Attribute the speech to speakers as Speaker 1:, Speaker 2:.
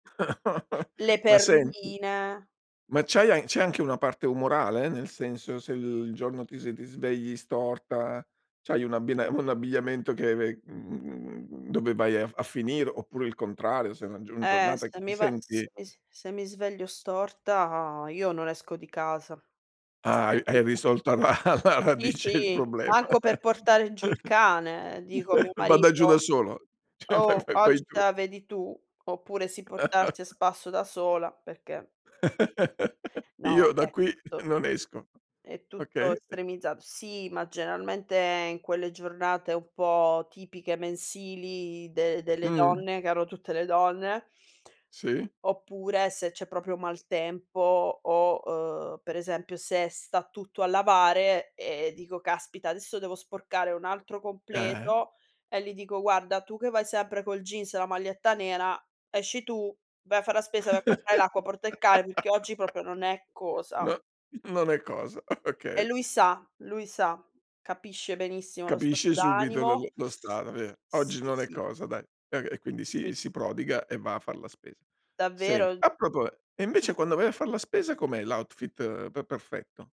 Speaker 1: Le
Speaker 2: Ma senti,
Speaker 1: perline.
Speaker 2: ma c'hai an c'è anche una parte umorale, nel senso se l il giorno ti sed s ti svegli storta, c'hai un abbina un abbigliamento che ve mhmm, mhmm, mhmm, mhmm, dove vai a a finire, oppure il contrario, se la un
Speaker 1: Eh,
Speaker 2: giornata che
Speaker 1: se
Speaker 2: ti
Speaker 1: mi va,
Speaker 2: senti
Speaker 1: se is se mi sveglio storta, io non esco di casa. È
Speaker 2: Hai hai
Speaker 1: semplice.
Speaker 2: risolto alla alla
Speaker 1: Sì,
Speaker 2: radice il
Speaker 1: sì,
Speaker 2: problema.
Speaker 1: manco per portare giù il cane. Ehm, dico a mio
Speaker 2: Vada giù da
Speaker 1: marito:
Speaker 2: solo, cioè vai
Speaker 1: "Oh,
Speaker 2: vai
Speaker 1: oggi
Speaker 2: vai
Speaker 1: te
Speaker 2: tu.
Speaker 1: la vedi tu." Oppure si portassi a spasso da sola, perché No
Speaker 2: Io da
Speaker 1: vabbè,
Speaker 2: qui
Speaker 1: to
Speaker 2: non esco.
Speaker 1: è tutto
Speaker 2: Okay.
Speaker 1: estremizzato. Sì, ma generalmente in quelle giornate un po' tipiche mensili de delle
Speaker 2: Mh.
Speaker 1: donne, che hanno tutte le donne.
Speaker 2: Si.
Speaker 1: Oppure se c'è proprio maltempo o, uhm, per esempio se sta tutto a lavare, ehm, dico: "Caspita adesso devo sporcare un altro
Speaker 2: Eh.
Speaker 1: completo." E li dico: "Guarda tu che vai sempre col jeans e la maglietta nera, esci tu, vai a far la spesa, vai a comprare l'acqua, porta il cane, perché oggi proprio non è cosa."
Speaker 2: No, non è cosa. Ah,
Speaker 1: E
Speaker 2: okay.
Speaker 1: lui sa lui sa. Capisce benissimo lo
Speaker 2: Capisce
Speaker 1: stato
Speaker 2: subito l
Speaker 1: d'animo.
Speaker 2: l lo stato ve
Speaker 1: Sì,
Speaker 2: oggi non è
Speaker 1: sì.
Speaker 2: cosa, dai. Ehm, e quindi
Speaker 1: Si.
Speaker 2: si si
Speaker 1: Beh.
Speaker 2: prodiga e va a far la spesa. Senti,
Speaker 1: Davvero?
Speaker 2: a propoe e invece quando vai a far la spesa com'è l'outfit pe perfetto?